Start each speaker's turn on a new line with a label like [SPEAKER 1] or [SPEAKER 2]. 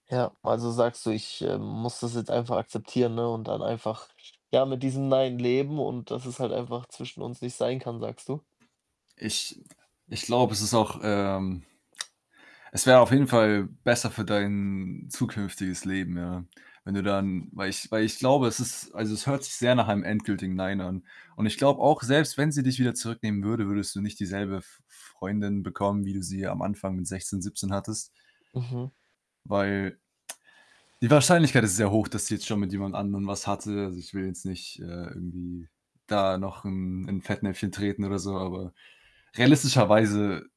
[SPEAKER 1] Ja, also, sagst du, ich, ähm, muss das jetzt einfach akzeptieren, ne, und dann einfach, ja, mit diesem „Nein“ leben und dass es halt einfach zwischen uns nicht sein kann, sagst du?
[SPEAKER 2] Ich [unintelligible] ich glaube, es ist auch, ähm es wäre auf jeden Fall besser für dein zukünftiges Leben, ja. Wenn du dann weil ich weil ich glaube, es ist also, es hört sich sehr nach einem endgültigen „Nein“ an. Und ich
[SPEAKER 1] [unintelligible]
[SPEAKER 2] glaube auch, selbst wenn sie dich wieder zurücknehmen würde, würdest du nicht dieselbe F Freundin bekommen, wie du sie
[SPEAKER 1] [unintelligible]
[SPEAKER 2] am Anfang mit 16, 17 hattest.
[SPEAKER 1] Mhm.
[SPEAKER 2] Weil, die Wahrscheinlichkeit ist sehr hoch, dass sie jetzt schon mit jemand anderem was hatte. Also, ich will jetzt nicht, äh, irgendwie da noch 'n in Fettnäpfchen treten oder so, aber realistischerweise